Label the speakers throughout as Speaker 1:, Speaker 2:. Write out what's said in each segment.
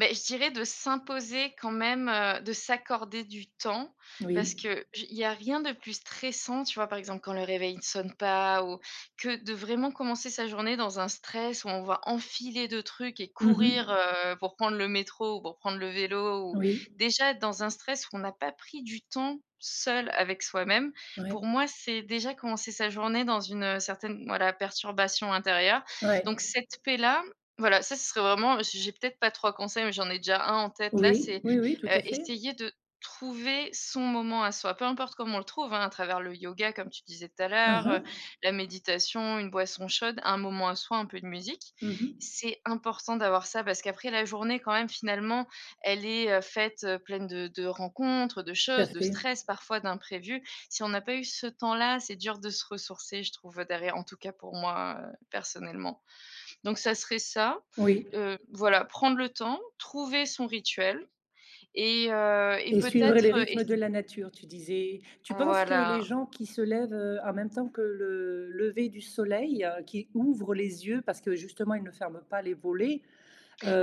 Speaker 1: Beh, je dirais de s'imposer quand même, heu de s'accorder du temps. Parce
Speaker 2: Oui.
Speaker 1: que je il y a rien de plus stressant, tu vois par exemple quand le réveil ne sonne pas ou que de vraiment commencer sa journée dans un stress où on va enfiler 2 trucs et
Speaker 2: Mmh
Speaker 1: courir,
Speaker 2: mh.
Speaker 1: heu, pour prendre le métro ou pour prendre le vélo. Ou
Speaker 2: Oui.
Speaker 1: déjà dans un stress où on n'a pas pris du temps seul avec soi-même,
Speaker 2: Ouais.
Speaker 1: pour moi c'est déjà commencer sa journée dans une, heu, certaine voilà, perturbation intérieure.
Speaker 2: Ouais.
Speaker 1: Donc cette paix là, voilà ça ce serait vraiment, j'ai j'ai peut-être pas 3 conseils mais j'en ai déjà 1 en tête là.
Speaker 2: Oui,
Speaker 1: C'est,
Speaker 2: oui oui, tout
Speaker 1: heu,
Speaker 2: à fait.
Speaker 1: essayer de trouver son moment à soi, peu importe comment on le trouve, hein. À travers le yoga comme tu disais tout à
Speaker 2: Mmh
Speaker 1: l'heure, heu,
Speaker 2: mh.
Speaker 1: la méditation, une boisson chaude, un moment à soi, un peu de musique.
Speaker 2: Mmh mh.
Speaker 1: C'est important d'avoir ça parce qu'après, la journée quand même finalement, elle est, heu, faite, heu pleine de de rencontres, de
Speaker 2: Tout à
Speaker 1: choses, de
Speaker 2: fait.
Speaker 1: stress, parfois d'imprévus. Si on n'a pas eu ce temps-là, c'est dur de se ressourcer je trouve, heu, derrière. En tout cas pour moi, heu, personnellement donc ça serait ça.
Speaker 2: Oui.
Speaker 1: Heu, voilà prendre le temps, trouver son rituel et heu, et
Speaker 2: Et suivre
Speaker 1: peut-être,
Speaker 2: les
Speaker 1: heu,
Speaker 2: rythmes
Speaker 1: ess
Speaker 2: de la nature, tu disais. Tu penses que les
Speaker 1: Voila.
Speaker 2: gens qui se lèvent, heu, en même temps que le lever du soleil, heu, qui ouvrent les yeux parce que justement ils ne ferment pas les volets,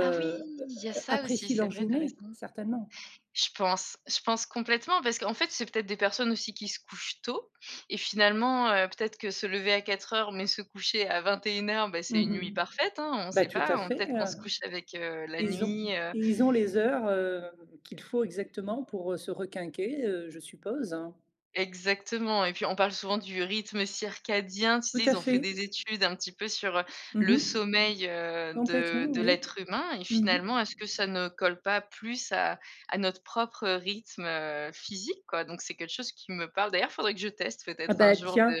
Speaker 1: Ah oui!
Speaker 2: heu,
Speaker 1: il y a ça aussi.
Speaker 2: apprécient
Speaker 1: C'est
Speaker 2: leur
Speaker 1: vrai, tu as
Speaker 2: journée?
Speaker 1: raison.
Speaker 2: Certainement.
Speaker 1: Je pense je pense complètement. Parce qu'en fait, c'est peut-être des personnes aussi qui se couchent tôt et finalement, heu, peut-être que se lever à 04:00, mais se coucher à 21:00, bah,
Speaker 2: Mmh
Speaker 1: c'est une
Speaker 2: mh.
Speaker 1: nuit parfaite, hein. On
Speaker 2: Bah,
Speaker 1: sais
Speaker 2: tout
Speaker 1: pas,
Speaker 2: à fait,
Speaker 1: peut-être qu'on
Speaker 2: heu,
Speaker 1: se couche avec, heu, la
Speaker 2: ils ont
Speaker 1: nuit, heu
Speaker 2: ils ont les heures, heu, qu'il faut exactement pour, heu, se requinquer, heu, je suppose, hein.
Speaker 1: Exactement et puis on parle souvent du rythme circadien, tu
Speaker 2: Tout
Speaker 1: sais?
Speaker 2: à
Speaker 1: Ils ont fait
Speaker 2: fait.
Speaker 1: des études un petit peu sur, heu,
Speaker 2: Mmh
Speaker 1: le
Speaker 2: mh.
Speaker 1: sommeil, heu,
Speaker 2: Complètement
Speaker 1: de de
Speaker 2: oui,
Speaker 1: l'être humain et
Speaker 2: mmh mh.
Speaker 1: finalement est-ce que ça ne colle pas plus à à notre propre rythme, heu, physique quoi, donc c'est quelque chose qui me parle. D'ailleurs faudrait que je teste
Speaker 2: Ah
Speaker 1: peut-être un
Speaker 2: bah
Speaker 1: jour
Speaker 2: tiens,
Speaker 1: de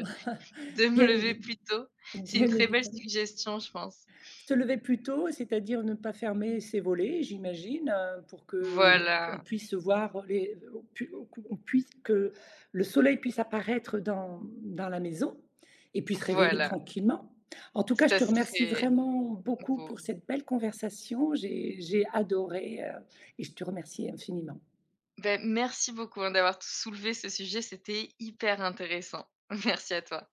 Speaker 1: de me
Speaker 2: bien
Speaker 1: lever
Speaker 2: évide
Speaker 1: plus tôt, c'est une
Speaker 2: bien
Speaker 1: très belle
Speaker 2: évidement.
Speaker 1: suggestion je pense.
Speaker 2: Se lever plus tôt, c'est-à-dire ne pas fermer ses volets, j'imagine, heu, pour qu'on
Speaker 1: Voilà.
Speaker 2: puisse, heu, voir, heu, les on pu on c on puisse que le soleil puisse apparaître, heu, dans dans la maison et puis se réveiller
Speaker 1: Voilà.
Speaker 2: tranquillement. En tout cas, je
Speaker 1: Ça
Speaker 2: te remercie
Speaker 1: serait
Speaker 2: vraiment beaucoup pour
Speaker 1: beau.
Speaker 2: cette belle conversation. J'ai j'ai adoré, heu et je te remercie infiniment.
Speaker 1: Beh, merci beaucoup hein, d'avoir t soulevé ce sujet, c'était hyper intéressant. Merci à toi.